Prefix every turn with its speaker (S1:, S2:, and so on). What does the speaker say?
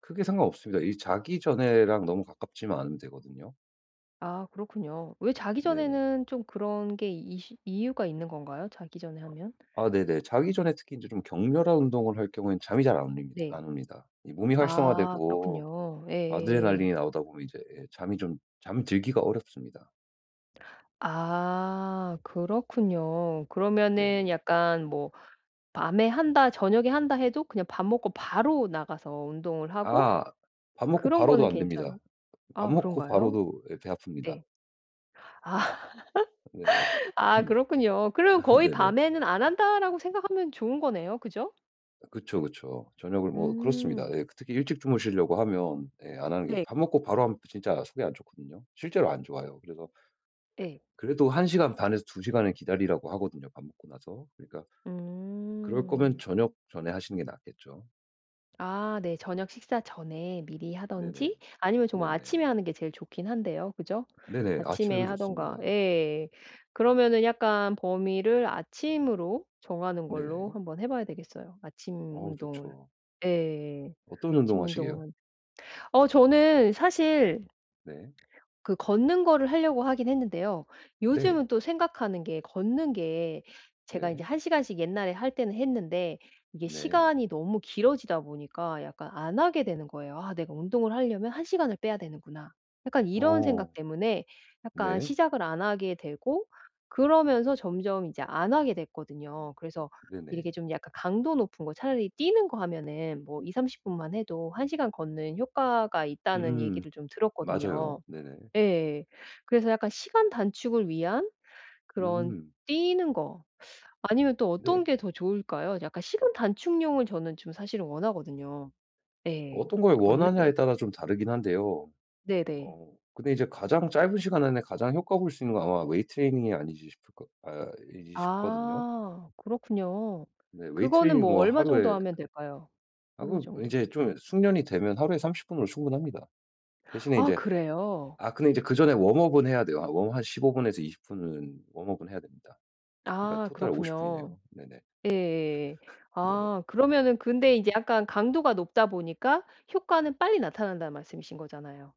S1: 크게 상관 없습니다. 이 자기 전에랑 너무 가깝지만 않으면 되거든요.
S2: 아 그렇군요. 왜 자기
S1: 네네.
S2: 전에는 좀 그런 게 이시 이유가 있는 건가요? 자기 전에
S1: 아.
S2: 하면?
S1: 아 네네. 자기
S2: 잠
S1: 전에 특히 이제 좀 격렬한 운동을 할 경우엔 잠이 잘 안 올립니
S2: 네.
S1: 안 옵니다. 이 몸이
S2: 아.
S1: 활성화되고
S2: 그렇군요. 예예예.
S1: 아드레날린이 나오다 보면 이제 예 잠이 좀 잠들기가 어렵습니다.
S2: 아. 그렇군요. 그러면은
S1: 네네.
S2: 약간 뭐 밤에 한다 저녁에 한다 해도 그냥 밥 먹고 바로 나가서 운동을 하고
S1: 아. 밥 먹고
S2: 그런
S1: 바로도
S2: 거는
S1: 안 됩니다.
S2: 괜찮은
S1: 밥
S2: 아
S1: 먹고
S2: 그런가요?
S1: 바로도 예 배 아픕니다.
S2: 예.
S1: 네.
S2: 아 그렇군요. 그럼 거의
S1: 네네.
S2: 밤에는 안 한다라고 생각하면 좋은 거네요. 그죠?
S1: 그쵸, 그쵸. 저녁을 뭐 그렇습니다.
S2: 음.
S1: 예 특히 일찍 주무시려고 하면 예 안 하는 게
S2: 네.
S1: 밥 먹고 바로 하면 진짜 속이 안 좋거든요. 실제로 안 좋아요. 그래서
S2: 예.
S1: 그래도 1 시간 반에서 2 시간을 기다리라고 하거든요 밥 먹고 나서. 그러니까 그럴 거면
S2: 음.
S1: 저녁 전에 하시는 게 낫겠죠.
S2: 아 네. 저녁 식사 전에 미리
S1: 네네.
S2: 하든지 아니면 정말 아침에
S1: 네네.
S2: 하는 게 제일 좋긴 한데요. 그죠?
S1: 네네.
S2: 아침에
S1: 아침에도 좋습니다.
S2: 하든가 예. 그러면은 약간 범위를 아침으로 정하는 걸로
S1: 네네.
S2: 한번 해 봐야 되겠어요 아침
S1: 어우
S2: 운동을.
S1: 좋죠.
S2: 예.
S1: 어떤 운동
S2: 아침
S1: 하시게요?
S2: 운동은. 어 저는 사실
S1: 네.
S2: 그 걷는 거를 하려고 하긴 했는데요.
S1: 네.
S2: 요즘은 또 생각하는 게 걷는 게 제가 이제
S1: 네.
S2: 1 시간씩 옛날에 할 때는 했는데 이게
S1: 네.
S2: 시간이 너무 길어지다 보니까 약간 안 하게 되는 거예요. '아 내가 운동을 하려면 1 시간을 빼야 되는구나.' 약간 이런
S1: 어.
S2: 생각 때문에 약간
S1: 네.
S2: 시작을 안 하게 되고 그러면서 점점 이제 안 하게 됐거든요. 그래서 이렇게
S1: 네네.
S2: 좀 약간 강도 높은 거 차라리 '뛰는 거 하면은 뭐 20-30 분만 해도 1 시간 걷는 효과가 있다.'는
S1: 음.
S2: 얘기를 좀
S1: 맞아요.
S2: 들었거든요.
S1: 네네.
S2: 예. 그래서 약간 시간 단축을 위한 그런
S1: 음.
S2: 뛰는 거 아니면 또 어떤
S1: 네.
S2: 게 더 좋을까요? 약간 시간 단축용을 저는 좀 사실은 원하거든요. 예.
S1: 어떤 걸
S2: 걷는 거
S1: 원하냐에 따라 좀 다르긴 한데요.
S2: 네네.
S1: 어 근데 이제 가장 짧은 시간 안에 가장 효과 볼 수 있는 건 아마 웨이트 트레이닝이 아니지 싶을 거 아이지 싶거든요?
S2: 아. 그렇군요.
S1: 네 웨이트
S2: 그거는
S1: 트레이닝이
S2: 뭐
S1: 뭐
S2: 얼마 정도
S1: 하루에
S2: 하면 될까요?
S1: 아
S2: 하루
S1: 그
S2: 정도?
S1: 이제 좀 숙련이 되면 하루에 30 분으로 충분합니다. 대신에
S2: 아.
S1: 이제
S2: 그래요?
S1: 아 근데 이제 그 전에 웜업은 해야 돼요. 아 웜업 한 15 분에서 20 분은 웜업은 해야 됩니다. 그러니까
S2: 아.
S1: 토탈 50
S2: 그렇군요.
S1: 분이네요. 네네.
S2: 예.
S1: 네네.
S2: 아 그러면은 근데 이제 약간 강도가 높다 보니까 효과는 빨리 나타난다는 말씀이신 거잖아요.